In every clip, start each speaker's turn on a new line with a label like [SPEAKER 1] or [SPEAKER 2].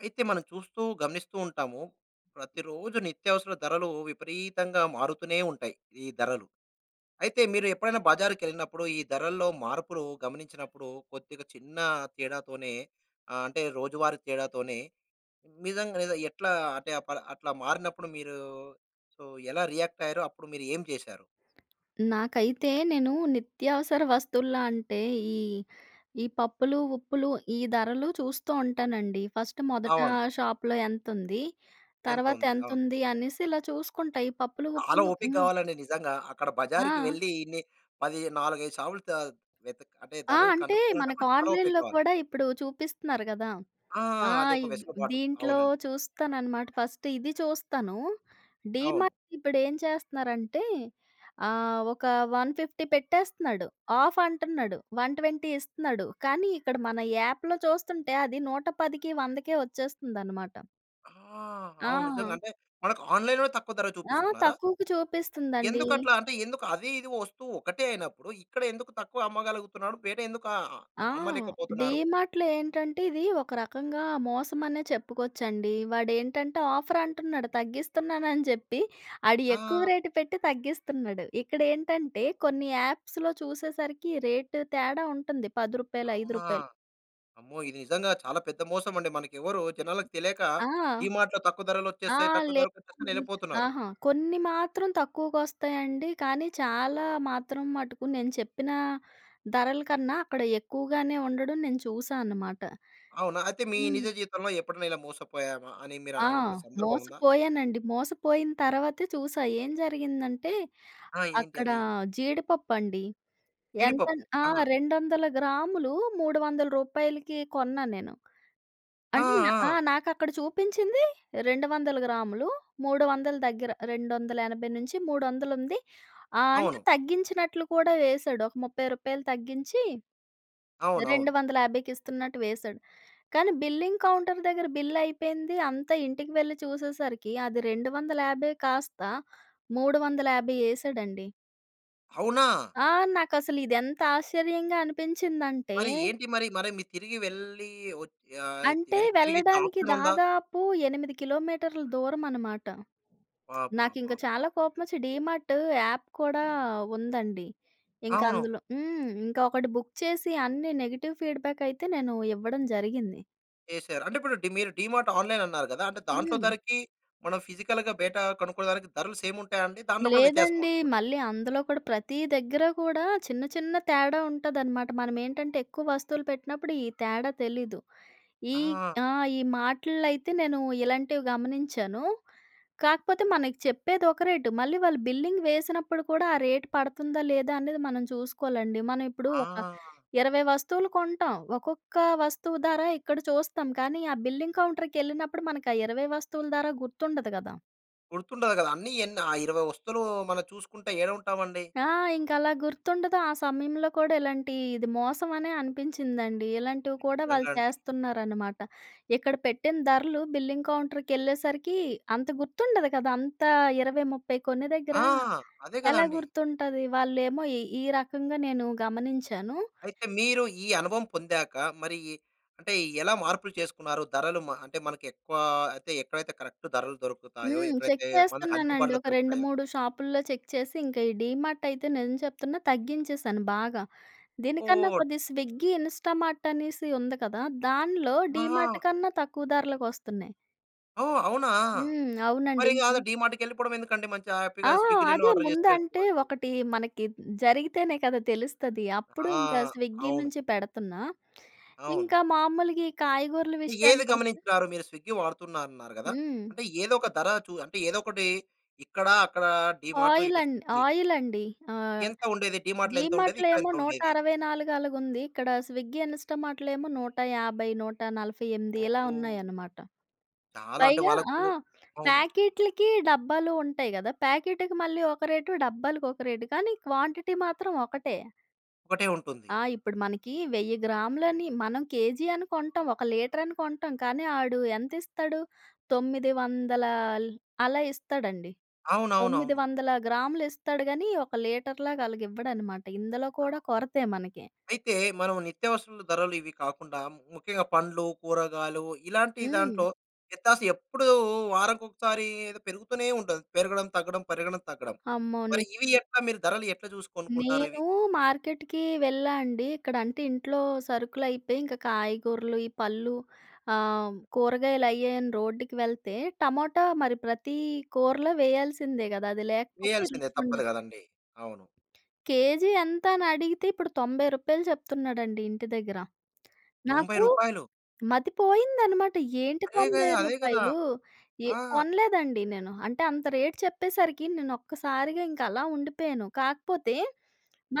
[SPEAKER 1] అయితే మనం చూస్తూ, గమనిస్తూ ఉంటాము. ప్రతిరోజు నిత్యావసర ధరలు విపరీతంగా మారుతూనే ఉంటాయి, ఈ ధరలు. అయితే, మీరు ఎప్పుడైనా బజారుకెళ్ళినప్పుడు, ఈ ధరల్లో మార్పులు గమనించినప్పుడు కొద్దిగా చిన్న తేడాతోనే ఆహ్, అంటే రోజువారీ తేడాతోనే నిజంగాని ఎట్లా, అంటే అ పల అట్లా మారినప్పుడు మీరు సో, ఎలా రియాక్ట్ అయ్యారు? అప్పుడు మీరు ఏం చేశారు?
[SPEAKER 2] నాకైతే నేను నిత్యావసర వస్తువుల్లో అంటే, ఈ ఈ పప్పులు, ఉప్పులు ఈ ధరలు చూస్తూ ఉంటానండి. ఫర్స్ట్ మొదట
[SPEAKER 1] అవును.
[SPEAKER 2] షాప్‌లో ఎంతుంది,
[SPEAKER 1] ఎంతుంది. అవును.
[SPEAKER 2] తర్వాతెంతుంది అనేసి ఇలా చూసుకుంటా. ఈ పప్పులు,
[SPEAKER 1] చాలా
[SPEAKER 2] ఉప్పులు
[SPEAKER 1] ఓపిక
[SPEAKER 2] హ్మ్.
[SPEAKER 1] కావాలండి నిజంగా. అక్కడ బజారుకి
[SPEAKER 2] ఆ!
[SPEAKER 1] వెళ్లి, ఇన్ని పది, నాలుగైదు సావులు త వెతుక్ అంటే
[SPEAKER 2] ఆ!
[SPEAKER 1] ధరలు
[SPEAKER 2] అంటే,
[SPEAKER 1] కనుక్కోవాలంటే
[SPEAKER 2] మనకు
[SPEAKER 1] కూడా, చాలా ఓపిక
[SPEAKER 2] ఆన్‌లైన్‌లో
[SPEAKER 1] కావాలి.
[SPEAKER 2] కూడా ఇప్పుడు చూపిస్తున్నారు గదా.
[SPEAKER 1] ఆ!
[SPEAKER 2] ఆ!
[SPEAKER 1] అదొక
[SPEAKER 2] ఇవ్
[SPEAKER 1] వెసులుబాటు.
[SPEAKER 2] దీంట్లో
[SPEAKER 1] అవునండి.
[SPEAKER 2] చూస్తానన్నమాట, ఫస్ట్ ఇది చూస్తాను.
[SPEAKER 1] అవును.
[SPEAKER 2] డీమార్ట్ ఇప్పుడు ఏం చేస్తున్నారంటే ఆహ్, ఒక 150 పెట్టేస్తున్నాడు. ఆఫ్ అంటున్నాడు. 120 ఇస్తున్నాడు. కానీ ఇక్కడ మన యాప్‌లో చూస్తుంటే అది 110, 100కే వచ్చేస్తుందన్నమాట.
[SPEAKER 1] ఆహ్! అవును.
[SPEAKER 2] ఆ!
[SPEAKER 1] నిజంగంటే మనకు ఆన్‌లైన్‌లోనే తక్కువ ధర
[SPEAKER 2] ఆ!
[SPEAKER 1] చూపిస్తున్నారా?
[SPEAKER 2] తక్కువుకు చూపిస్తుందండీ.
[SPEAKER 1] ఎందుకట్లా? అంటే ఎందుకదీ, ఇదీ వస్తువు ఒకటే అయినప్పుడు. ఇక్కడ ఎందుకు తక్కువ అమ్మగలుగుతున్నాడు? బయట ఎందుకు ఆహ్,
[SPEAKER 2] ఆహ్!
[SPEAKER 1] అమ్మలేకపోతున్నారు?
[SPEAKER 2] డీమార్ట్‌లో ఏంటంటే ఇదీ ఒక రకంగా మోసం అనే చెప్పుకోచ్చండి. వాడేంటంటే "ఆఫర్ అంటున్నాడు తగ్గిస్తున్నానని" చెప్పి ఆడు ఎక్కువ
[SPEAKER 1] ఆ!
[SPEAKER 2] రేట్ పెట్టి తగ్గిస్తున్నడు. ఇక్కడ ఏంటంటే కొన్ని యాప్స్‌లో చూసేసరికి రేట్ తేడా ఉంటుంది. రూ. 10, ఐదు
[SPEAKER 1] అవునా?
[SPEAKER 2] రూపాయలు
[SPEAKER 1] అమ్మో! ఇది నిజంగా చాలా పెద్ద మోసమండి. మనకెవ్వరూ, జనాలకి తెలియక
[SPEAKER 2] ఆ!
[SPEAKER 1] డీమార్ట్‌లో తక్కువ
[SPEAKER 2] ఆ!
[SPEAKER 1] ధరలోచ్చేస్తాయి. తక్కువ ధరకొచ్చేస్తాయని
[SPEAKER 2] లేదండి.
[SPEAKER 1] యెళ్ళిపోతున్నారు.
[SPEAKER 2] అహా! కొన్ని మాత్రం తక్కువకొస్తాయండి. కానీ చాలా మాత్రం మటుకు నేను చెప్పిన ధరల కన్నా అక్కడ ఎక్కువగానే ఉండడం నేను చూశా అనమాట.
[SPEAKER 1] అవునా! అయితే మీ
[SPEAKER 2] హ్మ్.
[SPEAKER 1] నిజ జీవితంలో ఎప్పుడన్నా ఇలా మోసపోయామా అని మీరా,
[SPEAKER 2] ఆ!
[SPEAKER 1] అనుకున్న సందర్భం ఉందా?
[SPEAKER 2] మోసపోయానండి. మోసపోయిన తర్వాతే చూశా. ఏం జరిగిందంటే
[SPEAKER 1] ఆ! ఏంటి
[SPEAKER 2] అక్కడా,
[SPEAKER 1] అది?
[SPEAKER 2] జీడిపప్పుండి. ఎంతన్
[SPEAKER 1] జీడిపప్పు.
[SPEAKER 2] ఆ!
[SPEAKER 1] ఆ!
[SPEAKER 2] 200 గ్రాములు, రూ. 300కి కొన్నా నేను.
[SPEAKER 1] ఆ!
[SPEAKER 2] అన్ ఆ!
[SPEAKER 1] ఆ!
[SPEAKER 2] నాకక్కడ చూపించింది 200 గ్రాములు. 300 దగ్గర 280-300 ఉంది. ఆహ్, అంటే
[SPEAKER 1] అవును.
[SPEAKER 2] తగ్గించినట్లు కూడా వేశాడు. ఒక రూ. 30 తగ్గించీ, రెండు
[SPEAKER 1] అవునువును.
[SPEAKER 2] వందల యాభైకి ఇస్తున్నట్టు వేశాడు. కానీ బిల్లింగ్ కౌంటర్ దగ్గర బిల్ అయిపోయింది. అంతా ఇంటికి వెళ్ళి చూసేసరికి అది 250 కాస్త, 350 ఏశాడండి.
[SPEAKER 1] అవునా?
[SPEAKER 2] ఆ! నాకసలు ఇది ఎంత ఆశ్చర్యంగా అనిపించిందంటే
[SPEAKER 1] మరి ఏంటి మరి మరి మీరు తిరిగి వెళ్లి వత్ యాహ్!
[SPEAKER 2] అంటే
[SPEAKER 1] వెనక్కి తిరిగి ఇచ్చే
[SPEAKER 2] వెళ్ళడానికి
[SPEAKER 1] ఆప్షన్ ఉందా?
[SPEAKER 2] దాదాపు 8 కిలోమీటర్లు దూరం అన్నమాట.
[SPEAKER 1] బా! బా! బా!
[SPEAKER 2] నాకింక
[SPEAKER 1] బా!
[SPEAKER 2] చాలా కోపం వచ్చి డీమార్ట్ యాప్ కూడా ఉందండి. ఇంక
[SPEAKER 1] అవును.
[SPEAKER 2] అందులో హ్మ్, ఇంకా ఒకటి బుక్ చేసి అన్ని నెగెటివ్ ఫీడ్‌బ్యాక్ అయితే నేను ఇవ్వడం జరిగింది.
[SPEAKER 1] చేసారు. అంటే ఇప్పుడు డీ మీరు డీమార్ట్ ఆన్‌లైన్ అన్నారు కదా! అంటే దాంట్లో
[SPEAKER 2] హ్మ్.
[SPEAKER 1] ధరకి మనం ఫిజికల్‌గా బయట కొనుక్కునే దానికి ధరలు సేమ్ ఉంటాయా అండి? దాంట్లో కూడా
[SPEAKER 2] లేదండి.
[SPEAKER 1] వ్యత్యాసంముంటుందా?
[SPEAKER 2] మళ్ళీ అందులో కూడా ప్రతీ దగ్గర కూడా చిన్న, చిన్న తేడా ఉంటదన్నమాట. మనం ఏంటంటే ఎక్కువ వస్తువులు పెట్టినప్పుడు ఈ తేడా తెలీదు. ఈ
[SPEAKER 1] ఆ!
[SPEAKER 2] ఆహ్, ఈ మార్ట్‌ల్లో అయితే నేను ఇలాంటివి గమనించాను. కాకపోతే మనకు చెప్పేది ఒక రేటు మళ్ళీ వాళ్ళు బిల్లింగ్ వేసినప్పుడు కూడా ఆ రేటు పడుతుందా లేదా అనేది మనం చూసుకోవాలండి. మనం ఇప్పుడు ఒక
[SPEAKER 1] ఆ!
[SPEAKER 2] 20 వస్తువులు కొంటాం. ఒక్కొక్క వస్తువు ధర ఇక్కడ చూస్తాం. కానీ ఆ బిల్లింగ్ కౌంటర్‌కి ఎళ్ళినప్పుడు మనకి ఆ 20 వస్తువుల ధర గుర్తుండదు గదా!
[SPEAKER 1] గుర్తుండదు గదా! అన్ని ఎన్ని ఆ 20 వస్తువులు మనం చూసుకుంట ఏడుంటామండి?
[SPEAKER 2] ఆ! ఇంక అలా గుర్తుండదు. ఆ సమయంలో కూడా ఇలాంటి ఇది మోసం అనే అనిపించిందండి. ఇలాంటివి కూడా
[SPEAKER 1] నిజంగా
[SPEAKER 2] వాళ్ళు
[SPEAKER 1] అండి.
[SPEAKER 2] చేస్తున్నారన్నమాట. ఇక్కడ పెట్టిన ధరలు బిల్లింగ్ కౌంటర్‌కి ఎళ్ళేసరికి అంత గుర్తుండదు కదా! అంత 20, 30 కొనే దగ్గర
[SPEAKER 1] ఆ! అదే
[SPEAKER 2] ఎలా
[SPEAKER 1] గదండీ!
[SPEAKER 2] గుర్తుంటది. వాళ్ళేమో ఈ ఈ రకంగా నేను గమనించాను.
[SPEAKER 1] అయితే మీరు ఈ అనుభవం పొందాక మరి ఈ అంటే ఎలా మార్పులు చేసుకున్నారు. ధరలు మ అంటే మనకి ఎక్కువ ఐతే ఎక్కడైతే కరెక్ట్ ధరలు దొరుకుతాయో,
[SPEAKER 2] హ్మ్ చెక్
[SPEAKER 1] ఎక్కడైతే మనకు
[SPEAKER 2] చేస్తున్నానండి.
[SPEAKER 1] అందుబాటులో
[SPEAKER 2] ఒక రెండు
[SPEAKER 1] దొరుకుతాయో
[SPEAKER 2] మూడు షాపుల్లో చెక్ చేసి ఇంకా ఈ డీమార్ట్ అయితే నిజం చెప్తున్నా తగ్గించేసాను బాగా. దీనికన్నా
[SPEAKER 1] ఓహ్!
[SPEAKER 2] కొద్ది స్విగ్గీ, ఇన్‌స్టా‌మార్ట్ అనేసి ఉంది కదా దానిలో
[SPEAKER 1] ఆహా!
[SPEAKER 2] డీమార్ట్ కన్నా తక్కువ ధరలకి వస్తున్నాయి.
[SPEAKER 1] ఓహ్! అవునా!
[SPEAKER 2] హ్మ్. అవునండి.
[SPEAKER 1] మరిగ
[SPEAKER 2] ఇంక
[SPEAKER 1] ఆదె డీమార్ట్‌‌కెళ్ళిపోడమెందుకండి, మంచిగా,
[SPEAKER 2] ఆ!
[SPEAKER 1] హ్యాపీగా స్విగ్గిలోనే
[SPEAKER 2] అదే
[SPEAKER 1] ఆర్డర్ చేసి
[SPEAKER 2] ముందంటే,
[SPEAKER 1] పెట్టుకోవచ్చు.
[SPEAKER 2] ఒకటీ మనకీ హ్మ్, జరిగితేనే కదా తెలుస్తది. అప్పుడు ఇంక
[SPEAKER 1] ఆ!
[SPEAKER 2] స్విగ్గీ
[SPEAKER 1] అవును.
[SPEAKER 2] నుంచి పెడతన్నా.
[SPEAKER 1] అవును.
[SPEAKER 2] ఇంక మాములుగీ కాయగూరల
[SPEAKER 1] ఏవి
[SPEAKER 2] విషయానికొస్తే
[SPEAKER 1] గమనించినారు మీరు స్విగ్గీ వాడుతున్నారన్నారు కదా!
[SPEAKER 2] హ్మ్.
[SPEAKER 1] అంటే, ఏదొక ధర, చూ అంటే, ఏదొకటీ. ఇక్కడా, అక్కడా డీమార్టు ఇటు
[SPEAKER 2] ఆయిలండ్
[SPEAKER 1] స్విగ్గీ.
[SPEAKER 2] ఆయిలండి. ఆహ్,
[SPEAKER 1] ఎంత ఉండేది? డీమార్ట్‌లో ఎంతుండేది?
[SPEAKER 2] డీమార్ట్‌లో ఏమో నూట
[SPEAKER 1] ఇక్కడెంతుండేది?
[SPEAKER 2] అరవై నాలుగు అలగుంది. ఇక్కడ స్విగ్గీ, ఇన్‌స్టామార్ట్‌లో ఏమో 150, 148 ఇలా
[SPEAKER 1] ఓహ్!
[SPEAKER 2] ఉన్నాయనమాట.
[SPEAKER 1] చాలా. అంటే,
[SPEAKER 2] పైగా ఆ!
[SPEAKER 1] వాళ్ళకూ అవును.
[SPEAKER 2] ప్యాకీట్లికీ, డబ్బాలో ఉంటయి గదా! ప్యాకీటికి మళ్ళీ ఒక రేటు, డబ్బాలకొక రేటు, కానీ క్వాంటిటీ మాత్రం ఒకటే.
[SPEAKER 1] ఒకటే ఉంటుంది.
[SPEAKER 2] ఆ! ఇప్పుడు మనకీ 1000 గ్రాములని మనం కేజీ అని కొంటాం, ఒక లీటరని కొంటాం, కానీ ఆడు ఎంతిస్తడు, తొమ్మిది వందలాల్ అలా ఇస్తడండి. తొమ్మిది
[SPEAKER 1] అవునవునవును.
[SPEAKER 2] వందల గ్రాములిస్తడు గనీ, ఒక లీటర్‌లాగలగివ్వడనమాట. ఇందులో కూడా కొరతే మనకి.
[SPEAKER 1] అయితే, మనం నిత్యావసరాల ధరలు ఇవి కాకుండా, ముఖ్యంగా పండ్లు, కూరగాయలు ఇలాంటీ
[SPEAKER 2] హ్మ్.
[SPEAKER 1] దాంట్లో వ్యత్యాస ఎప్పుడూ వారంకొకసారీ, ఏదో పెరుగుతూనే ఉంటది. పెరగడం-తగ్గడం, పెరగడం-తగ్గడం.
[SPEAKER 2] అమ్మోని
[SPEAKER 1] మరి ఇవి ఎట్లా మీరు ధరలు ఎట్ల జూసి కొనుక్కుంటారవి?
[SPEAKER 2] నేనూ మార్కెట్‌కీ వెళ్ళా అండి. ఇక్కడంటే, ఇంట్లో సరుకులయిపోయి, ఇంక కాయగూరలు, ఈ పళ్ళు ఆహ్, కూరగాయలయ్యాయని రోడ్డుకి వెళ్తే, టమోటా మరి ప్రతీ కూరలో వెయ్యాల్సిందే గదా! అది లేకపోతే
[SPEAKER 1] వెయ్యాల్సిందే. తప్పదు
[SPEAKER 2] రుచుండదు.
[SPEAKER 1] గదండీ. అవును.
[SPEAKER 2] కేజీ ఎంత అనడిగితే, ఇప్పుడు రూ. 90 చెప్తున్నాడండి ఇంటి దగ్గర.
[SPEAKER 1] తొంభై
[SPEAKER 2] నాకూ
[SPEAKER 1] రూపాయలు.
[SPEAKER 2] మతి పోయిందనమాట. ఏంటి
[SPEAKER 1] అదే గే
[SPEAKER 2] తొంభై
[SPEAKER 1] అదే గదా!
[SPEAKER 2] రూపాయలు ఎ
[SPEAKER 1] ఆ!
[SPEAKER 2] కొనలేదండి నేను. అంటే, అంత రేట్ చెప్పేసరికి, నేనొక్కసారిగా ఇంకలా ఉండిపోయాను. కాకపోతే,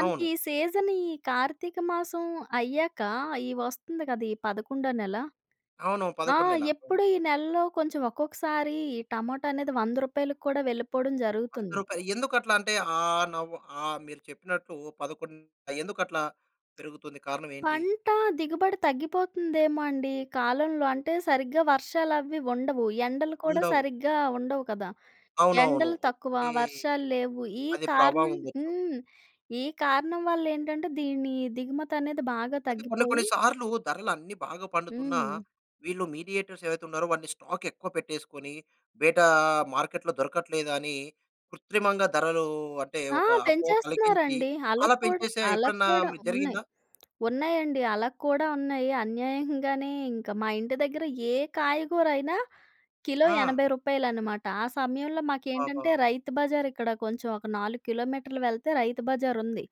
[SPEAKER 1] అవును.
[SPEAKER 2] సీజనీ కార్తీక మాసం అయ్యాకా, ఈ వస్తంది కదా, ఈ పదకుండో నెల.
[SPEAKER 1] అవును.
[SPEAKER 2] ఆ!
[SPEAKER 1] 11 నెల.
[SPEAKER 2] ఎప్పుడూ ఈ నెల్లో కొంచెం, ఒక్కొక్కసారీ ఈ టమోటా అనేది రూ. 100కు కూడా వెళ్ళిపోవడం
[SPEAKER 1] రూ. 100
[SPEAKER 2] జరుగుతుంది.
[SPEAKER 1] రూపాయలు. ఎందుకట్లా అంటే, ఆహ్, నవ్వు ఆహ్, మీరు చెప్పినట్లు, పదకొన్ ఆహ్, ఎందుకట్లా పెరుగుతుంది. కారణమేంటి?
[SPEAKER 2] పంటా దిగుబడి తగ్గిపోతుందేమో అండి ఈ కాలంలో. అంటే, సరిగ్గా వర్షాలవీ ఉండవు. ఎండలు కూడా
[SPEAKER 1] ఉండవు.
[SPEAKER 2] సరిగ్గా ఉండవు కదా!
[SPEAKER 1] అవునవును.
[SPEAKER 2] ఎండలు తక్కువ,
[SPEAKER 1] ఓకే.
[SPEAKER 2] వర్షాల్లేవు. ఈ
[SPEAKER 1] అది ప్రభావం
[SPEAKER 2] కారణం
[SPEAKER 1] ఉండొచ్చు.
[SPEAKER 2] హ్మ్. ఈ కారణం వల్లేంటంటే, దీనీ దిగుమతనేది బాగా
[SPEAKER 1] అయితే, కొన్ని కొన్ని
[SPEAKER 2] తగ్గిపోయి
[SPEAKER 1] సార్లూ ధరలన్నీ బాగా పండుతున్నా,
[SPEAKER 2] హ్మ్.
[SPEAKER 1] వీళ్ళు మీడియేటర్స్ ఎవైతున్నారో వాని స్టాకెక్కువ పెట్టేసుకొనీ, బేటా మార్కెట్‌లో దొరకట్లేదు అని, కృత్రిమంగా ధరలూ అంటే,
[SPEAKER 2] ఆ!
[SPEAKER 1] ఒక అపోహ కలిగించి,
[SPEAKER 2] పెంచేస్తన్నారండి.
[SPEAKER 1] అలా
[SPEAKER 2] ఆళ్ళక్కూడా
[SPEAKER 1] పెంచేసే ఎప్పుడన్నా
[SPEAKER 2] ఆళ్ళక్కూడా
[SPEAKER 1] మీ
[SPEAKER 2] ఉన్నయి.
[SPEAKER 1] జరిగిందా?
[SPEAKER 2] ఉన్నాయండి, అలాక్కూడా ఉన్నాయి. అన్యాయంగానే ఇంక మా ఇంటి దగ్గర ఏ కాయగూరయినా, కిలో
[SPEAKER 1] ఆ!
[SPEAKER 2] రూ. 80 అనమాట. ఆ సమయంలో మాకేంటంటే,
[SPEAKER 1] ఆహా!
[SPEAKER 2] రైతు బజారిక్కడ కొంచెం ఒక 4 కిలోమీటర్లు వెళ్తే రైతు బజారుంది.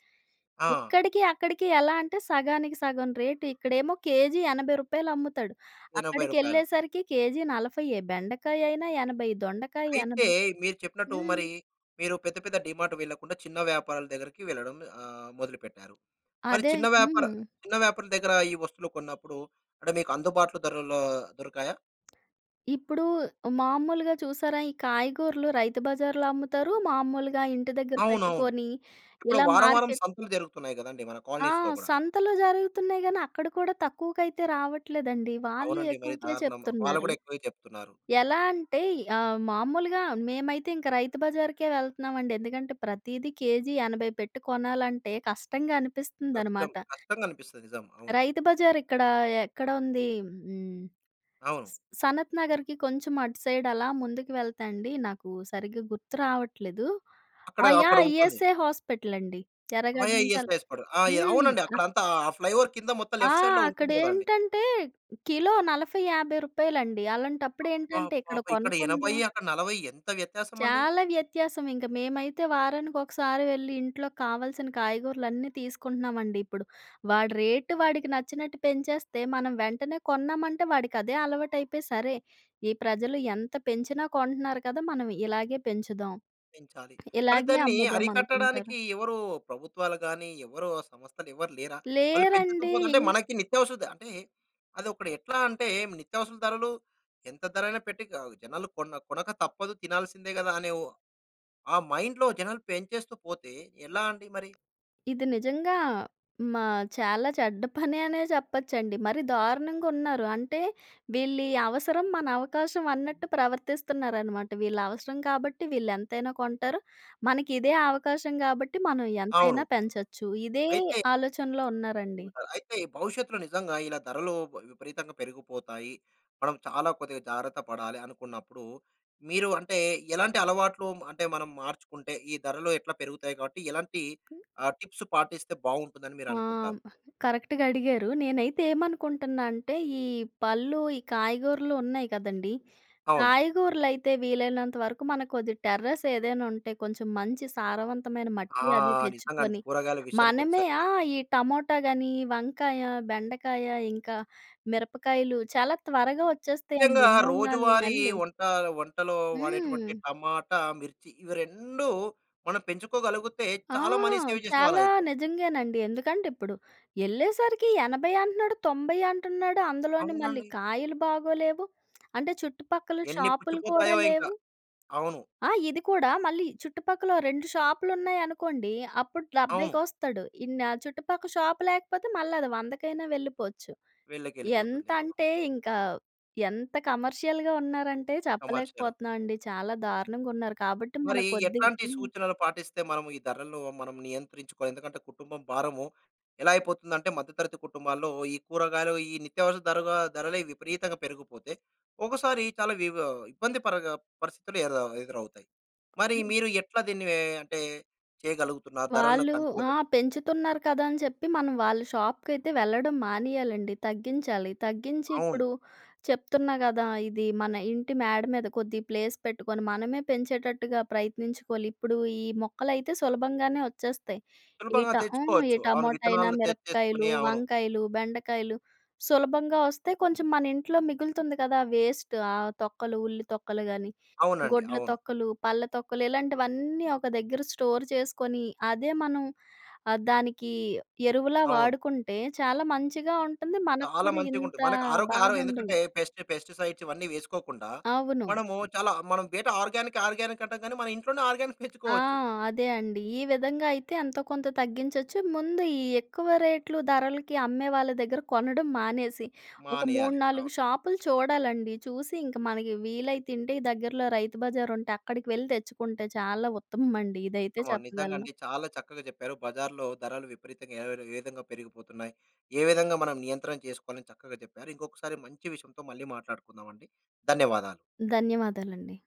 [SPEAKER 1] ఆ!
[SPEAKER 2] ఇక్కడికి, అక్కడికి ఎలా అంటే, సగానికి సగం రేటు. ఇక్కడేమో కేజీ రూ. 80 అమ్ముతాడు.
[SPEAKER 1] రూ. 80.
[SPEAKER 2] అక్కడికెళ్ళేసరికి కేజీ నలఫైయ్యే. బెండకాయైనా 80, దొండకాయ
[SPEAKER 1] అయితే,
[SPEAKER 2] 80.
[SPEAKER 1] మీరు చెప్పినట్టు మరీ,
[SPEAKER 2] హ్మ్.
[SPEAKER 1] మీరు పెద్ద, పెద్ద డీమార్టు వెళ్ళకుండా, చిన్న వ్యాపారల దగ్గరికి వెళ్ళడం ఆహ్, మొదలుపెట్టారు. మరి
[SPEAKER 2] అదే.
[SPEAKER 1] చిన్న వ్యాపార
[SPEAKER 2] హ్మ్.
[SPEAKER 1] చిన్న వ్యాపారుల దగ్గరా ఈ వస్తువులు కొన్నప్పుడూ, అంటే, మీకు అందుబాట్లు ధరల్లో దొరకాయా?
[SPEAKER 2] ఇప్పుడు మామూలుగా చూసారా? ఈ కాయగూరలు రైతు బజార్‌లో అమ్ముతారు. మామూలుగా ఇంటి దగ్గర
[SPEAKER 1] అవునవును.
[SPEAKER 2] పెట్టుకొని,
[SPEAKER 1] ఇప్పుడు
[SPEAKER 2] ఇలా
[SPEAKER 1] వారం, వారం
[SPEAKER 2] మార్కెట్
[SPEAKER 1] సంతలు జరుగుతున్నాయి గదండీ మన
[SPEAKER 2] ఆ!
[SPEAKER 1] కాలనీస్‌లో గూడా.
[SPEAKER 2] సంతలు జరుగుతున్నాయి గాని, అక్కడ కూడా తక్కువకైతే రావట్లేదండి. వాళ్ళు
[SPEAKER 1] అవునండి. మరి
[SPEAKER 2] ఎక్కువకే
[SPEAKER 1] దారుణం. ఆహ్, వాళ్ళు
[SPEAKER 2] చెప్తున్నారు.
[SPEAKER 1] గూడా ఎక్కువే చెప్తున్నారు.
[SPEAKER 2] ఎలా అంటే య్ ఆహ్, మామూలుగా మేమైతే ఇంక రైతు బజార్‌కే వెళ్తున్నామండి. ఎందుకంటే ప్రతీదీ కేజీ 80 పెట్టి కొనాలంటే కష్టంగా
[SPEAKER 1] కష్టం.
[SPEAKER 2] అనిపిస్తుందన్నమాట.
[SPEAKER 1] కష్టంగ అనిపిస్తది. నిజం. అవును.
[SPEAKER 2] రైతు బజార్ ఇక్కడ ఎక్కడ ఉంది? హ్మ్. హ్మ్.
[SPEAKER 1] అవును.
[SPEAKER 2] స్ సనత్ నగర్‌కి కొంచెం అటు సైడ్ అలా ముందుకు వెళ్తే అండి, నాకు సరిగ్గా గుర్తు రావట్లేదు.
[SPEAKER 1] అక్కడ
[SPEAKER 2] ఆ!
[SPEAKER 1] అక్కడ
[SPEAKER 2] యాహ్!
[SPEAKER 1] ఉంటుంది.
[SPEAKER 2] ఇఎస్ఐ హాస్పిటల్ అండి.
[SPEAKER 1] ఆ!
[SPEAKER 2] ఎరగడ్డ
[SPEAKER 1] యాహ్!
[SPEAKER 2] నుంచి
[SPEAKER 1] ఎస్
[SPEAKER 2] అల్
[SPEAKER 1] ఎస్. పడు
[SPEAKER 2] హ్మ్.
[SPEAKER 1] అవునండి. అక్కడ
[SPEAKER 2] అనక
[SPEAKER 1] అంతా ఆ ఫ్లై‌ఓవర్ కింద మొత్తం
[SPEAKER 2] ఆ!
[SPEAKER 1] లెఫ్ట్ సైడ్‌లో
[SPEAKER 2] అక్కడ
[SPEAKER 1] ఉంటుంది గదండీ.
[SPEAKER 2] ఏంటంటే కిలో 40,50 రూపాయలండి. అలాంటప్పుడు ఏంటంటే
[SPEAKER 1] అబ్బబ్బబ్బ!
[SPEAKER 2] ఇక్కడ
[SPEAKER 1] ఇక్కడ
[SPEAKER 2] కొనకుండా
[SPEAKER 1] 80 అక్కడ 40 ఎంత వ్యత్యాసం అండి.
[SPEAKER 2] చాలా వ్యత్యాసం ఇంక. మేమైతే వారానికి ఒకసారి వెళ్లి ఇంట్లోకి కావాల్సిన కాయగూరలన్నీ తీసుకుంటున్నామండి ఇప్పుడు. వాడు రేట్ వాడికి నచ్చినట్టు పెంచేస్తే మనం వెంటనే కొన్నామంటే వాడికి అదే అలవాటు అయిపోయి "సరే! ఈ ప్రజలు ఎంత పెంచినా కొంటున్నారు కదా! మనం ఇలాగే పెంచుదాం.
[SPEAKER 1] పెంచాలి. మరి
[SPEAKER 2] ఇలాగే
[SPEAKER 1] దాన్ని
[SPEAKER 2] అమ్ముదాం" అనుకుంటారు.
[SPEAKER 1] అరికట్టడానికి ఎవరు ప్రభుత్వాలు గాని ఎవరు ఆ సంస్థలు ఎవరు లేరా? వాళ్ళు పెంచుతూ
[SPEAKER 2] లేరండి.
[SPEAKER 1] పోతుంటే
[SPEAKER 2] ఇన్
[SPEAKER 1] మనకి నిత్యావస ద అంటే అది ఒకడ ఎట్లా అంటే నిత్యావసర ధరలు ఎంత ధర అయినా పెట్టి ఆహ్, జనాలు కొన్న కొనక తప్పదు. తినాల్సిందే గదా! అనే ఓ ఆ మైండ్‌లో జనాలు పెంచేస్తూ పోతే ఎలా అండి మరి?
[SPEAKER 2] ఇది నిజంగా. మా చాలా చెడ్డ పనె అనే చెప్పొచ్చండి. మరి దారుణంగ ఉన్నారు. అంటే 'వీళ్ళి అవసరం మన అవకాశం' అన్నట్టు ప్రవర్తిస్తున్నారనమాట. "వీళ్ళ అవసరం కాబట్టి వీళ్ళు ఎంతైనా కొంటారు. మనకి ఇదే అవకాశం గాబట్టి మనం
[SPEAKER 1] అవును.
[SPEAKER 2] ఎంతైనా పెంచొచ్చు." ఇదే
[SPEAKER 1] అయితే
[SPEAKER 2] ఆలోచనలో ఉన్నారండి.
[SPEAKER 1] హ్మ్. కా అయితే భవిష్యత్తులో నిజంగా ఇలా ధరలు బ విప విపరీతంగా పెరిగిపోతాయి. మనం చాలా కొద్దిగ జాగ్రత్త పడాలి అనుకున్నప్పుడు మీరు అంటే ఎలాంటి అలవాట్లు మ అంటే మనం మార్చుకుంటే ఈ ధరలు ఎట్లా పెరుగుతాయి కాబట్టి ఎలాంటి ఆహ్, టిప్స్ పాటిస్తే బాగుంటుందని మీరు
[SPEAKER 2] ఆ!
[SPEAKER 1] అనుకుంటారు?
[SPEAKER 2] కరెక్ట్‌గా అడిగారు. నేనైతే ఏమనుకుంటున్నా అంటే ఈ పళ్ళు, ఈ కాయగూరలు ఉన్నాయి గదండీ.
[SPEAKER 1] అవును.
[SPEAKER 2] కాయగూరలైతే వీలైనంత వరకు మనకు కొద్ది టెర్రస్ ఏదైనా ఉంటే కొంచెం మంచి సారవంతమైన
[SPEAKER 1] ఆ!
[SPEAKER 2] మట్టి అది
[SPEAKER 1] నిజంగా అంటే
[SPEAKER 2] తెచ్చుకొని,
[SPEAKER 1] కూరగాయల విషయానికి
[SPEAKER 2] మనమే ఆ!
[SPEAKER 1] ఒచ్చేసరికి
[SPEAKER 2] ఈ టమోటా గాని, వంకాయ, బెండకాయ, ఇంకా మిరపకాయలు చాలా త్వరగా
[SPEAKER 1] ముఖ్యంగా
[SPEAKER 2] ఒచ్చేస్తాయండి 3,4
[SPEAKER 1] రోజువారీ
[SPEAKER 2] నెలలు.
[SPEAKER 1] వంట వంటలో వాడేటువంటి
[SPEAKER 2] హ్మ్.
[SPEAKER 1] టమాటా, మిర్చి ఇవి 2 మనం పెంచుకోగలిగుతే
[SPEAKER 2] ఆ!
[SPEAKER 1] చాలా మనీ సేవ్ చేసిన వాళ్ళు
[SPEAKER 2] చాలా
[SPEAKER 1] అయితాం.
[SPEAKER 2] నిజంగానండి. ఎందుకంటే, ఇప్పుడు ఎళ్ళేసరికి 80 అంటున్నాడు. 90 అంటున్నాడు. అందులోని మళ్ళీ
[SPEAKER 1] అవునండి.
[SPEAKER 2] కాయలు బాగోలేవు. అంటే చుట్టుపక్కల
[SPEAKER 1] ఎన్ని
[SPEAKER 2] షాప్‌లు కూడా
[SPEAKER 1] పుచ్చిపోతాయో ఇంకా.
[SPEAKER 2] లేవు.
[SPEAKER 1] అవును.
[SPEAKER 2] ఆ! ఇది కూడా మళ్ళీ చుట్టుపక్కల ఓ 2 షాప్‌లు ఉన్నాయనుకోండి. అప్పుడు 70కి
[SPEAKER 1] అవును.
[SPEAKER 2] ఒస్తాడు. ఇన్న చుట్టుపక్కల షాప్ లేకపోతే మళ్ళీ అది వందకైనా వెళ్ళిపోవచ్చు.
[SPEAKER 1] వీళ్ళకెళ్ళిపోతుంది. అవును.
[SPEAKER 2] ఎంతంటే ఇంక ఎంత కమర్షియల్‌గా ఉన్నారంటే
[SPEAKER 1] కమర్షియల్.
[SPEAKER 2] చెప్పలేకపోతున్నామండి. చాలా దారుణంగా ఉన్నారు. కాబట్టి మన
[SPEAKER 1] మరి
[SPEAKER 2] కొద్దిగ
[SPEAKER 1] ఎట్లాంటి
[SPEAKER 2] హ్మ్.
[SPEAKER 1] సూచనలు పాటిస్తే మనము ఈ ధరలు మనం నియంత్రించుకోవాలి. ఎందుకంటే కుటుంబం భారము ఎలా అయిపోతుందంటే మధ్య తరగతి కుటుంబాల్లో ఈ కూరగాయలు, ఈ నిత్యావసర ధరవ ధరలు విపరీతంగా పెరిగిపోతే ఒకసారి చాలా వివ ఇబ్బంది పరగ పరిస్థితులు ఎర ఎదురవుతాయి. మరి
[SPEAKER 2] హ్మ్.
[SPEAKER 1] మీరు ఎట్లా దీన్ని ఎ అంటే చేయగలుగుతున్నారు? ధరలను
[SPEAKER 2] వాళ్ళు
[SPEAKER 1] కంట్రోల్‌లో
[SPEAKER 2] ఆ!
[SPEAKER 1] పెట్
[SPEAKER 2] పెంచుతున్నారు కదా అని చెప్పి మనం వాళ్ళ షాప్‌కి అయితే వెళ్ళడం మానేయాలండి. తగ్గించాలి. తగ్గించి
[SPEAKER 1] అవును.
[SPEAKER 2] ఇప్పుడు చెప్తున్నా గదా! ఇది మన ఇంటి మేడ మీద కొద్దిగ ప్లేస్ పెట్టుకొని మనమే పెంచేటట్టుగా ప్రయత్నించుకోలి. ఇప్పుడు ఈ మొక్కలైతే సులభంగానే ఒచ్చేస్తాయి. ఈ
[SPEAKER 1] సులభంగా
[SPEAKER 2] ట ఆ! ఈ
[SPEAKER 1] తెచ్చుకోవచ్చు. అవును.
[SPEAKER 2] టమోటా అయినా,
[SPEAKER 1] విత్తనాలను తెచ్చేసుకొని
[SPEAKER 2] మిరపకాయలు,
[SPEAKER 1] అవును.
[SPEAKER 2] వంకాయలు, బెండకాయలు సులభంగా ఒస్తే కొంచెం మన ఇంట్లో మిగులుతుంది కదా! వేస్ట్ ఆ తొక్కలు ఉల్లి తొక్కలు గాని,
[SPEAKER 1] అవునండి.
[SPEAKER 2] గుడ్ల
[SPEAKER 1] అవును.
[SPEAKER 2] తొక్కలు, పళ్ళ తొక్కలు ఇలాంటివన్నీ ఒక దగ్గర స్టోర్ చేసుకొని అదే మనం ఆహ్, దానికి ఎరువులా
[SPEAKER 1] అవును.
[SPEAKER 2] వాడుకుంటే చాలా మంచిగా ఉంటుంది. మనకు
[SPEAKER 1] చాలా
[SPEAKER 2] కూడా
[SPEAKER 1] మంచిగా
[SPEAKER 2] ఇంత
[SPEAKER 1] ఉంటుంది. మనకు ఆరోగ్య
[SPEAKER 2] బాధ
[SPEAKER 1] ఆహారం
[SPEAKER 2] ఉండదు.
[SPEAKER 1] ఎందుకంటే పెస్టి పెస్టిసైడ్స్ ఇవన్నీ వేసుకోకుండా
[SPEAKER 2] అవును.
[SPEAKER 1] మనము చాలా మనం బేటా ఆర్గానిక్ ఆర్గానిక్ అంటాం కానీ మన ఇంట్లోనే ఆర్గానిక్
[SPEAKER 2] ఆ!
[SPEAKER 1] పెంచుకోవచ్చు.
[SPEAKER 2] అదే అండి. ఈ విధంగా అయితే ఎంతో కొంత తగ్గించొచ్చు. ముందు ఈ ఎక్కువ రేట్‌లు ధరలకి అమ్మే వాళ్ళ దగ్గర కొనడం మానేసి ఒక మూడు
[SPEAKER 1] మానేయాలి. అవును.
[SPEAKER 2] నాలుగు షాపులు చూడాలండి. చూసి ఇంక మనకి వీలైతుంటే ఈ దగ్గరలో రైతు బజార్ ఉంటే అక్కడికి వెళ్లి తెచ్చుకుంటే చాలా ఉత్తమమండి. ఇదైతే
[SPEAKER 1] [unintelligible] అవునండి. నిజంగా
[SPEAKER 2] చెప్పగలను.
[SPEAKER 1] అండి. చాలా చక్కగా జెప్పారు. బజార్‌లో ధరలు విపరీతంగా ఏరర్ ఎ విధంగా పెరిగిపోతున్నాయి, ఏ విధంగా మనం నియంత్రణ చేసుకోవాలి చక్కగా చెప్పారు. ఇంకొకసారి మంచి విషయంతో మళ్ళీ మాట్లాడుకుందాం అండి. ధన్యవాదాలు.
[SPEAKER 2] ధన్యవాదాలండి.